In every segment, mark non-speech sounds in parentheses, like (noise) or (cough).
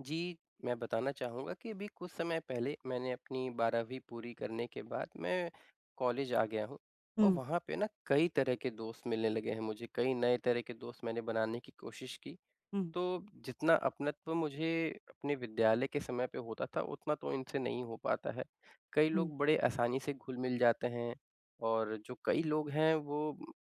जी, मैं बताना चाहूँगा कि अभी कुछ समय पहले मैंने अपनी 12वीं पूरी करने के बाद, मैं कॉलेज आ गया हूँ। और हुँ। वहाँ पे ना कई तरह के दोस्त मिलने लगे हैं मुझे, कई नए तरह के दोस्त मैंने बनाने की कोशिश की। हुँ। तो जितना अपनत्व मुझे अपने विद्यालय के समय पे होता था उतना तो इनसे नहीं हो पाता है। कई हुँ। लोग बड़े आसानी से घुल-मिल जाते हैं। और जो कई लोग हैं वो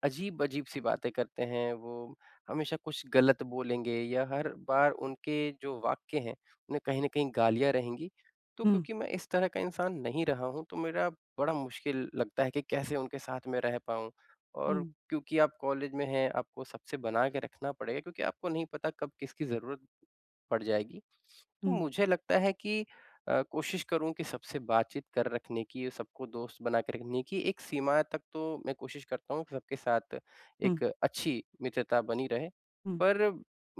अजीब-अजीब सी बातें करते हैं। वो हमेशा कुछ गलत बोलेंगे या हर बार उनके जो वाक्य है उनमें कहीं न कहीं गालियाँ रहेंगी। तो हुँ। क्योंकि मैं इस तरह का इंसान नहीं रहा हूँ तो मेरा बड़ा मुश्किल लगता है कि कैसे उनके साथ में रह पाऊँ। और हुँ। क्योंकि आप कॉलेज में हैं, आपको सबसे बना के रखना पड़ेगा क्योंकि आपको नहीं पता कब किसकी ज़रूरत, पड़ जाएगी। तो हुँ। मुझे लगता है कि अ, कोशिश करूँ कि सबसे बातचीत कर रखने की और सबको दोस्त बना के रखने की एक सीमा तक तो मैं कोशिश करता हूँ सबके साथ हुँ। एक अच्छी मित्रता बनी रहे। हुँ। पर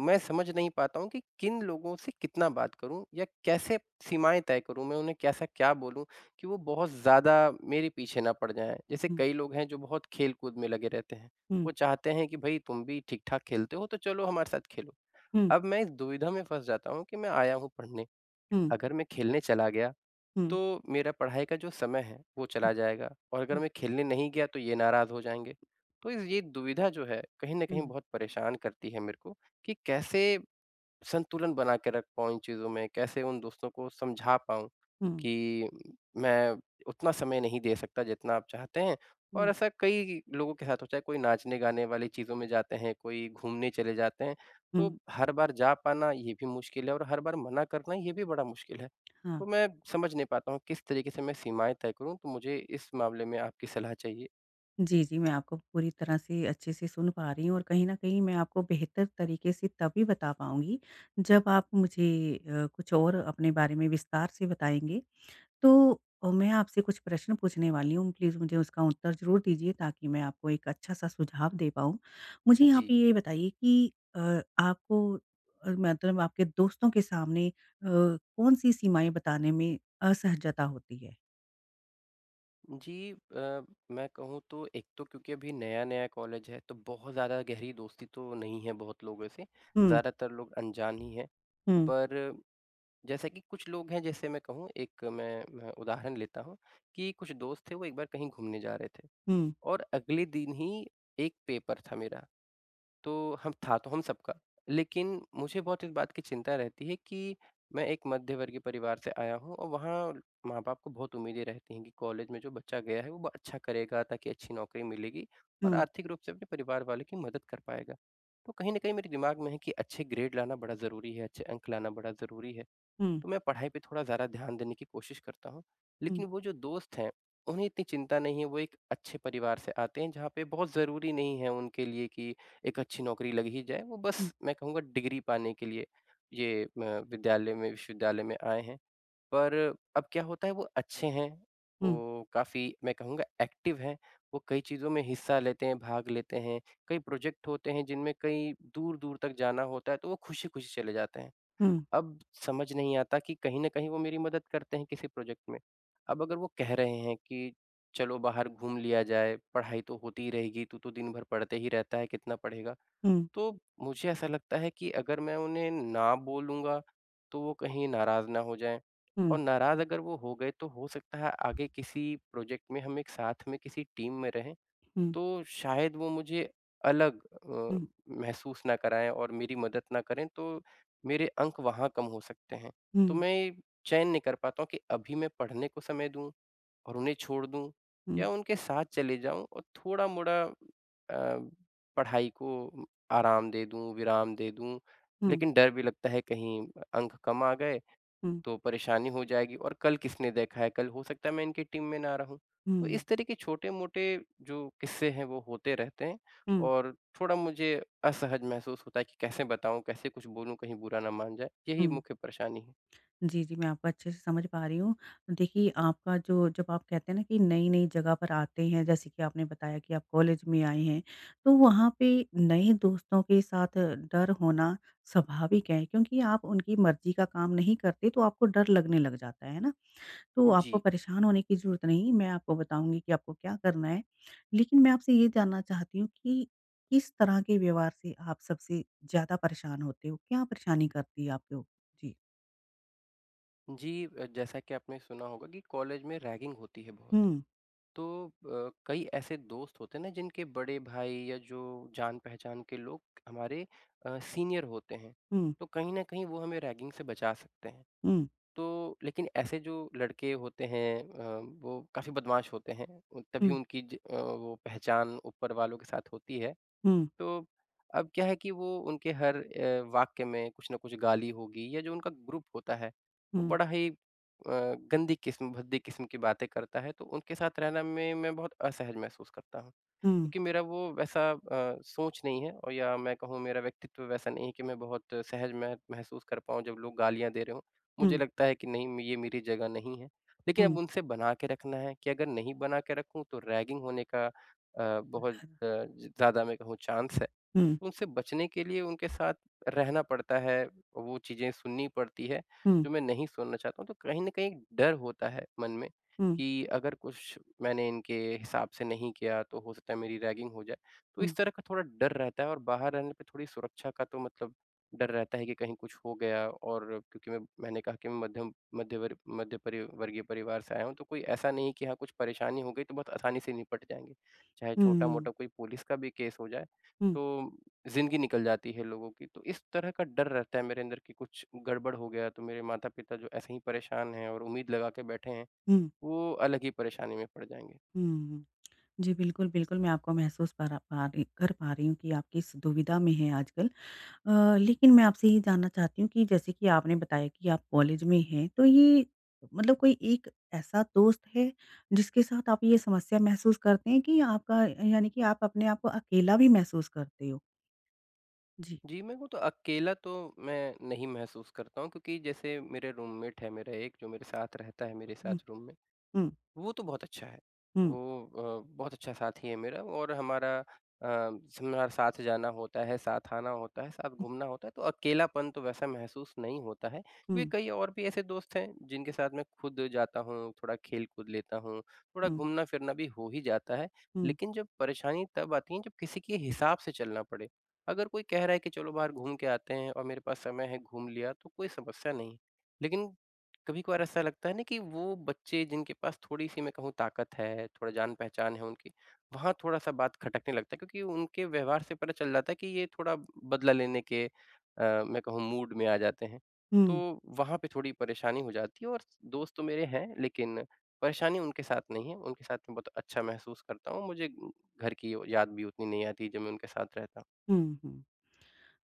मैं समझ नहीं पाता हूँ कि किन लोगों से कितना बात करूँ या कैसे सीमाएँ तय करूँ। मैं उन्हें कैसा क्या बोलूँ कि वो बहुत ज़्यादा मेरे पीछे ना पड़ जाएँ। जैसे हुँ। कई लोग हैं जो बहुत खेलकूद में लगे रहते हैं। हुँ। वो चाहते हैं कि भाई तुम भी ठीक-ठाक खेलते हो तो चलो हमारे साथ खेलो। हुँ। अब मैं इस दुविधा में फस जाता हूँ कि मैं आया हूँ पढ़ने, हुँ। अगर मैं खेलने चला गया हुँ। तो मेरा पढ़ाई का जो समय है वो हुँ। चला जाएगा और अगर हुँ। मैं खेलने नहीं गया तो ये नाराज़ हो जाएँगे। तो इज़ ये दुविधा जो है कहीं न कहीं हुँ। बहुत परेशान करती है मेरे को कि कैसे संतुलन बना के रख पाऊँ इन चीज़ों में। कैसे उन दोस्तों को समझा पाऊँ हुँ। कि, मैं उतना समय नहीं दे सकता जितना आप चाहते हैं। और हुँ। ऐसा कई लोगों के साथ हो चाहे कोई नाचने-गाने वाली चीज़ों में जाते हैं, कोई घूमने चले जाते हैं तो हुँ। हर बार जा पाना ये भी मुश्किल है। और हर बार मना करना ये भी बड़ा मुश्किल है। (clicks tongue) हाँ। तो मैं समझ नहीं पाता हूँ किस तरीक़े से मैं सीमाएँ तय करूँ, तो मुझे इस मामले में आपकी सलाह चाहिए? जी, जी। मैं आपको पूरी तरह से अच्छे से सुन पा रही हूँ और कहीं न कहीं मैं आपको बेहतर तरीके से तभी बता पाऊँगी, जब आप मुझे अ, कुछ और अपने बारे में विस्तार से बताएँगे। तो, मैं आपसे कुछ प्रश्न पूछने वाली हूँ, प्लीज मुझे उसका उत्तर ज़रूर दीजिए, ताकि मैं आपको एक अच्छा-सा सुझाव दे पाऊँ। मुझे यहाँ जी। पे ये बताइए कि अ, आपको अ, मतलब आपके दोस्तों के सामने अ, कौन-सी सीमाएँ बताने में, असहजता होती है? जी। अ, मैं कहूँ तो, एक तो क्योंकि अभी नया-नया कॉलेज है, तो बहुत ज़्यादा गहरी दोस्ती तो नहीं है, बहुत लोगों से, हुँ। ज़्यादातर लोग अनजान ही हैं। हुँ। पर, जैसा कि कुछ लोग हैं जैसे मैं कहूँ, एक मैं मैं, उदाहरण लेता हूँ कि कुछ दोस्त थे, वो एक बार कहीं घूमने जा रहे थे हुँ। और अगले दिन ही, एक पेपर था मेरा। तो हम था तो हम सबका, लेकिन मुझे बहुत इस बात की चिंता रहती है कि, मैं एक मध्यवर्गीय परिवार से आया हूँ और वहाँ माँ-बाप को बहुत उम्मीदें रहती हैं कि कॉलेज में जो बच्चा गया है, वो ब अच्छा करेगा ताकि अच्छी नौकरी मिलेगी और हुँ। आर्थिक रूप से अपने परिवार वालों की मदद कर पाएगा। तो कहीं न कहीं मेरे दिमाग में है की अच्छे ग्रेड लाना बड़ा ज़रूरी है, अच्छे अंक लाना बड़ा ज़रूरी है। हुँ। तो मैं पढ़ाई पे थोड़ा ज़्यादा ध्यान देने की कोशिश करता हूँ, हुँ। लेकिन वो जो दोस्त हैं, उन्हें इतनी चिंता नहीं है। वो एक अच्छे परिवार से आते हैं, जहाँ पे बहुत ज़रूरी नहीं है उनके लिए कि एक अच्छी नौकरी लग ही जाए, वो हुँ। बस मैं कहूँगा डिग्री पाने के लिए ये अ, विद्यालय में, विश्वविद्यालय में आए हैं। पर अब क्या होता है वो अच्छे हैं, हुँ। वो काफ़ी मैं कहूँगा एक्टिव हैं, वो कई चीज़ों में हिस्सा लेते हैं, भाग लेते हैं। कई प्रोजेक्ट होते हैं जिनमें कई दूर-दूर तक जाना होता है, तो वो खुशी-खुशी चले जाते हैं। हुँ। अब समझ नहीं आता कि कहीं न कहीं वो मेरी मदद करते हैं, किसी प्रोजेक्ट में। अब अगर वो कह रहे हैं कि चलो बाहर घूम लिया जाए, पढ़ाई तो होती ही रहेगी, तू तो दिन भर पढ़ते ही रहता है, कितना पढ़ेगा? हुँ। तो मुझे ऐसा लगता है कि अगर मैं उन्हें ना बोलूँगा, तो वो कहीं नाराज़ ना हो जाएँ। हुँ। और नाराज़ अगर वो हो गए, तो हो सकता है आगे किसी प्रोजेक्ट में हम एक साथ में किसी टीम में रहें, हुँ। तो शायद वो मुझे अलग अ, हुँ। महसूस ना कराएँ और मेरी मदद ना करें, तो मेरे अंक वहाँ कम हो सकते हैं। तो हुँ। मैं ये, चयन नहीं कर पाता हूँ कि अभी मैं पढ़ने को समय दूँ और उन्हें छोड़ दूँ हुँ। या उनके साथ चले जाऊँ? और थोड़ा-मोड़ा अ, पढ़ाई को आराम दे दूँ, विराम दे दूँ। हुँ। लेकिन डर भी लगता है कहीं, अंक कम आ गए, हुँ। तो परेशानी हो जाएगी और कल किसने देखा है? कल हो सकता है मैं इनकी टीम में ना रहूँ। तो हुँ। इस तरह के छोटे-मोटे जो किस्से हैं, वो होते रहते हैं हुँ। और थोड़ा मुझे असहज महसूस होता है कि कैसे बताऊँ? कैसे कुछ बोलूँ? कहीं बुरा ना मान जाएँ, यही हुँ। मुख्य परेशानी है। जी, जी। मैं आपको अच्छे से समझ पा रही हूँ। देखिए आपका जो जब आप कहते हैं ना कि नई-नई जगह पर आते हैं, जैसे कि आपने बताया कि आप कॉलेज में आए हैं, तो वहाँ पे नए दोस्तों के साथ डर होना, स्वाभाविक है क्योंकि आप उनकी मर्ज़ी का काम नहीं करते, तो आपको डर लगने लग जाता है, है ना। तो आपको जी। परेशान होने की ज़रूरत नहीं है, मैं आपको बताऊँगी कि आपको क्या करना है? लेकिन मैं आपसे ये जानना चाहती हूँ कि, किस तरह के व्यवहार से आप सबसे ज़्यादा परेशान होते हो? क्या परेशानी करती है आपको? जी। जी अ, जैसा कि आपने सुना होगा कि कॉलेज में रैगिंग होती है बहुत हुँ। तो अ, कई ऐसे दोस्त होते हैं ना जिनके बड़े भाई या जो जान-पहचान के लोग हमारे अ, सीनियर होते हैं। हुँ। तो कहीं न कहीं वो हमें रैगिंग से बचा सकते हैं। हुँ। तो लेकिन ऐसे जो लड़के होते हैं अ, वो काफ़ी बदमाश होते हैं उ तभी हुँ। उनकी ज अ, वो पहचान ऊपर वालों के साथ होती है। हुँ। तो अब क्या है कि वो उनके हर अ, वाक्य में कुछ न कुछ गाली होगी या जो उनका ग्रुप होता है वो हुँ। बड़ा ही अ, गंदी किस्म, भद्दी किस्म की बातें करता है तो उनके साथ रहना में मैं बहुत असहज महसूस करता हूँ। हुँ। क्योंकि मेरा वो वैसा अ, सोच नहीं है और या मैं कहूँ मेरा व्यक्तित्व वैसा नहीं है कि मैं बहुत सहज मह महसूस कर पाऊँ जब लोग गालियाँ दे रहे हो। मुझे हुँ। लगता है कि नहीं म ये मेरी जगह नहीं है। लेकिन हुँ। अब उनसे बना के रखना है कि अगर नहीं बना के रखूँ तो रैगिंग होने का अ, बहुत अ, ज़्यादा मैं कहूँ चांस है। हुँ। उनसे बचने के लिए उनके साथ रहना पड़ता है, वो चीज़ें सुननी पड़ती है हुँ। जो मैं नहीं सुनना चाहता हूँ तो कहीं न कहीं डर होता है मन में हुँ। कि अगर कुछ मैंने इनके हिसाब से नहीं किया तो हो सकता है मेरी रैगिंग हो जाए। तो हुँ। इस तरह का थोड़ा डर रहता है और बाहर रहने पे थोड़ी सुरक्षा का तो मतलब डर रहता है कि कहीं कुछ हो गया और क्योंकि मैं मैंने कहा कि मध्यम मध्य वर्ग मध्य परी वर्गीय परिवार से आया हूँ तो कोई ऐसा नहीं है की हाँ कुछ परेशानी हो गयी तो बहुत आसानी से निपट जाएँगे। चाहे हुँ, हुँ। छोटा-मोटा कोई पुलिस का भी केस हो जाए हुँ। तो ज़िंदगी निकल जाती है लोगों की। तो इस तरह का डर रहता है मेरे अंदर की कुछ गड़बड़ हो गया तो मेरे माता-पिता जो ऐसे ही परेशान है और उम्मीद लगा के बैठे हैं हुँ। वो अलग ही परेशानी में पड़ जाएँगे। हुँ, हुँ। जी, बिल्कुल, बिल्कुल मैं आपको महसूस पर पा रही कर पा रही हूँ कि आपकी इस दुविधा में है आजकल। अ, लेकिन मैं आपसे ये जानना चाहती हूँ कि जैसे कि आपने बताया कि आप कॉलेज में हैं। तो ये मतलब कोई एक ऐसा दोस्त है जिसके साथ आप ये समस्या महसूस करतें हैं कि आपका यानी कि आप अपने आप को अकेला भी महसूस करते हो? जी। जी, मैं वो तो अकेला तो मैं नहीं महसूस करता हूँ। क्योंकि जैसे मेरे रूममेट है मेरा एक जो मेरे साथ रहता है मेरे साथ हुँ। रूम में हुँ। वो तो बहुत अच्छा है। हुँ। वो अ, बहुत अच्छा साथी है मेरा। और हमारा अ, शिमला साथ जाना होता है, साथ आना होता है, सब घूमना होता है तो अकेलापन तो वैसा महसूस नहीं होता है। क्योंकि हुँ। कई और भी ऐसे दोस्त हैं, जिनके साथ मैं खुद जाता हूँ, थोड़ा खेल कूद लेता हूँ, थोड़ा हुँ। घूमना फिरना भी हो ही जाता है। हुँ। लेकिन जब परेशानी तब आती है जब किसी के हिसाब से चलना पड़े। अगर कोई कह रहा है कि चलो बाहर घूम के आते हैं और मेरे पास समय है, घूम लिया तो कोई समस्या नहीं। लेकिन कभी-कभार ऐसा लगता है ना कि वो बच्चे जिनके पास थोड़ी-सी मैं कहूँ ताकत है, थोड़ा जान पहचान है उनकी, वहाँ थोड़ा-सा बात खटकने लगता है। क्योंकि उनके व्यवहार से पता चल जाता है कि ये थोड़ा बदला लेने के अ, मैं कहूँ मूड में आ जाते हैं। हुँ। तो वहाँ पे थोड़ी परेशानी हो जाती है। और दोस्त तो मेरे हैं लेकिन परेशानी उनके साथ नहीं है उनके साथ में बहुत अच्छा महसूस करता हूँ। मुझे घर की यो याद भी उतनी नहीं आती जब मैं उनके साथ रहता। हुँ, हुँ।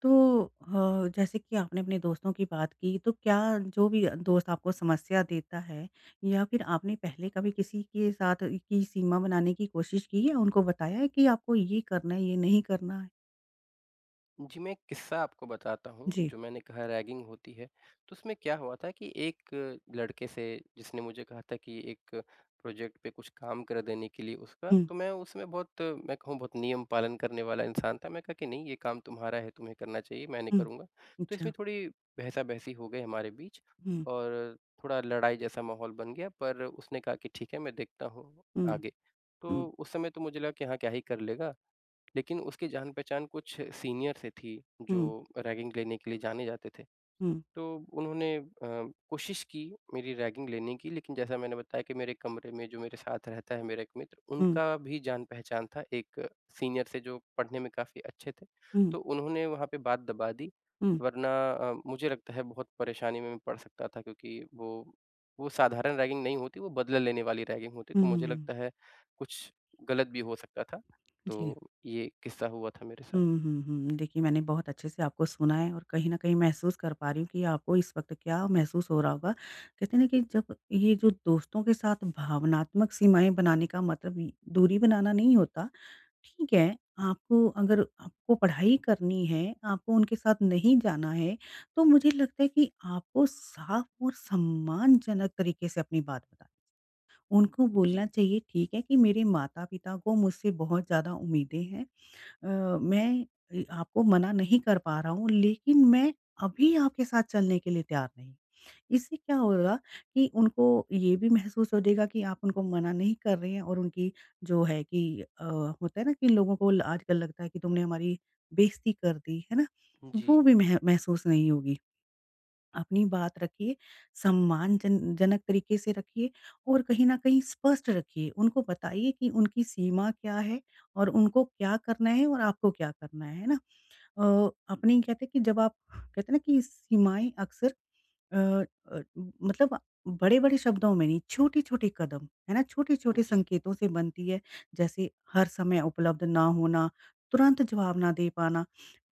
तो अ, जैसे कि आपने अपने दोस्तों की बात की तो क्या जो भी दोस्त आपको समस्या देता है या फिर आपने पहले कभी किसी के साथ इ की सीमा बनाने की कोशिश की है? उनको बताया है कि आपको ये करना है, ये नहीं करना है? जी, मैं एक किस्सा आपको बताता हूँ जी। जो मैंने कहा रैगिंग होती है। तो उसमें क्या हुआ था कि एक लड़के से जिसने मुझे कहा था कि एक प्रोजेक्ट पे कुछ काम कर देने के लिए उसका हुँ। तो मैं उसमें बहुत, मैं कहूँ बहुत नियम पालन करने वाला इंसान था। मैंने कहा कि, "नहीं ये काम तुम्हारा है, तुम्हें करना चाहिए, मैं नहीं हुँ। करूँगा।" तो अच्छा। इसमें थोड़ी बहसा-बहसी हो गई हमारे बीच हुँ। और थोड़ा लड़ाई जैसा माहौल बन गया। पर उसने कहा कि ठीक है, मैं देखता हूँ हुँ। आगे। हुँ। तो उस समय तो मुझे लगा कि हाँ, क्या ही कर लेगा। लेकिन उसकी जान पहचान कुछ सीनियर से थी जो हुँ। रैगिंग लेने के लिए जाने जाते थे। हुँ। तो उन्होंने अ, कोशिश की मेरी रैगिंग लेने की लेकिन जैसा मैंने बताया कि मेरे कमरे में जो मेरे साथ रहता है मेरा एक मित्र हुँ। उनका भी जान पहचान था एक सीनियर से जो पढ़ने में काफ़ी अच्छे थे। हुँ। तो उन्होंने वहाँ पे बात दबा दी, हुँ। वरना अ, मुझे लगता है बहुत परेशानी में मैं पड़ सकता था क्योंकि वो वो साधारण रैगिंग नहीं होती वो बदला लेने वाली रैगिंग होती। हुँ, तो हुँ, मुझे हुँ। लगता है कुछ गलत भी हो सकता था। जी। तो ये किस्सा हुआ था मेरे साथ। हुँ, हुँ, हुँ। देखिए मैंने बहुत अच्छे से आपको सुना है और कहीं न कहीं महसूस कर पा रही हूँ कि आपको इस वक़्त क्या महसूस हो रहा होगा। कहते हैं ना कि एक जब ये जो दोस्तों के साथ भावनात्मक सीमाएँ बनाने का मतलब दूरी बनाना नहीं होता। ठीक है, आपको अगर आपको पढ़ाई करनी है, आपको उनके साथ नहीं जाना है, तो मुझे लगता है कि आपको साफ और सम्मानजनक तरीके से अपनी बात बतानी चाहिए। उनको बोलना जी। चाहिए ठीक है, कि मेरे माता-पिता को मुझसे बहुत ज़्यादा उम्मीदें हैं। अ, मैं अ, आपको मना नहीं कर पा रहा हूँ लेकिन मैं अभी आपके साथ चलने के लिए तैयार नहीं। इससे क्या होगा कि उनको ये भी महसूस हो जाएगा कि आप उनको मना नहीं कर रहे हैं और उनकी जो है कि अ, होता है ना कि लोगों को ल आजकल लगता है कि तुमने हमारी बेइज़्ज़ती कर दी, है ना? वो जी। भी मह महसूस नहीं होगी। अपनी बात रखिए, सम्मानजन जनक तरीके से रखिए और कहीं न कहीं स्पष्ट रखिए। उनको बताइए कि उनकी सीमा क्या है और उनको क्या करना है और आपको क्या करना है, है ना। अ, अपने ही कहते हैं कि जब आप कहते हैं ना कि सीमाएँ अक्सर अ अ, मतलब बड़े-बड़े शब्दों में नहीं, छोटे-छोटे कदम, है ना? छोटे-छोटे जी। संकेतों से बनती है। जैसे हर समय उपलब्ध ना होना, तुरंत जवाब ना दे पाना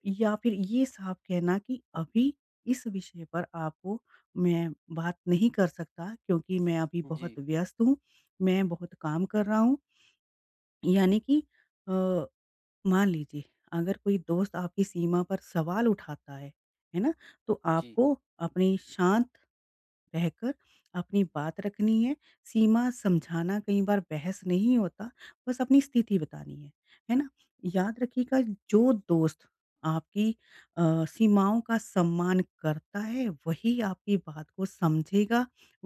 या फिर ये साफ कहना कि अभी इस विषय पर आपको मैं बात नहीं कर सकता क्योंकि मैं अभी जी। बहुत व्यस्त हूँ, मैं बहुत काम कर रहा हूँ। यानी कि अ, मान लीजिए, अगर कोई दोस्त आपकी सीमा पर सवाल उठाता है, है ना। तो जी। आपको अपनी शांत रहकर अपनी बात रखनी है। सीमा समझाना कई बार बहस नहीं होता, बस अपनी स्थिति बतानी है। है ना? याद रखिएगा जो दोस्त आपकी अ, सीमाओं का सम्मान करता है, वही आपकी बात को समझेगा,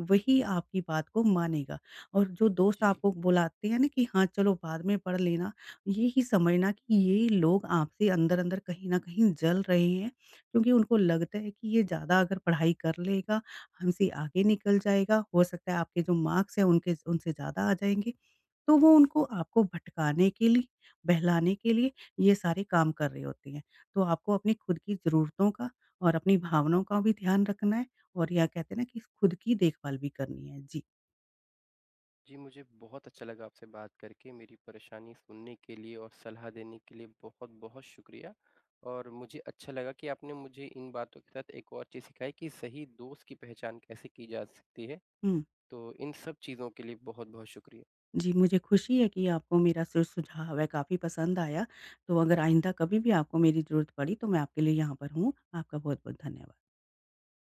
वही आपकी बात को मानेगा। और जो दोस्त जी। आपको बुलाते हैं ना कि हाँ, चलो बाद में पढ़ लेना, यही समझना कि ये लोग आपसे अंदर-अंदर कहीं न कहीं जल रहे हैं। क्योंकि उनको लगता है कि ये ज़्यादा अगर पढ़ाई कर लेगा, हमसे आगे निकल जाएगा। हो सकता है आपके जो मार्क्स हैं उनके उनसे ज़्यादा आ जाएँगे। तो वो उनको आपको भटकाने के लिए, बहलाने के लिए, ये सारे काम कर रहे होते हैं। तो आपको अपनी खुद की ज़रूरतों का और अपनी भावनाओं का भी ध्यान रखना है और या कहते हैं ना कि खुद की देखभाल भी करनी है। जी। जी मुझे बहुत अच्छा लगा आपसे बात करके। मेरी परेशानी सुनने के लिए और सलाह देने के लिए बहुत-बहुत शुक्रिया। और मुझे अच्छा लगा कि आपने मुझे इन बातों के साथ एक और चीज़ सिखाई कि सही दोस्त की पहचान कैसे की जा सकती है। हुँ। तो इन सब चीज़ों के लिए बहुत-बहुत शुक्रिया। जी, मुझे खुशी है कि आपको मेरा सु सुझाव है काफ़ी पसंद आया। तो अगर आइंदा कभी भी आपको मेरी ज़रूरत पड़ी तो मैं आपके लिए यहाँ पर हूँ। आपका बहुत-बहुत धन्यवाद।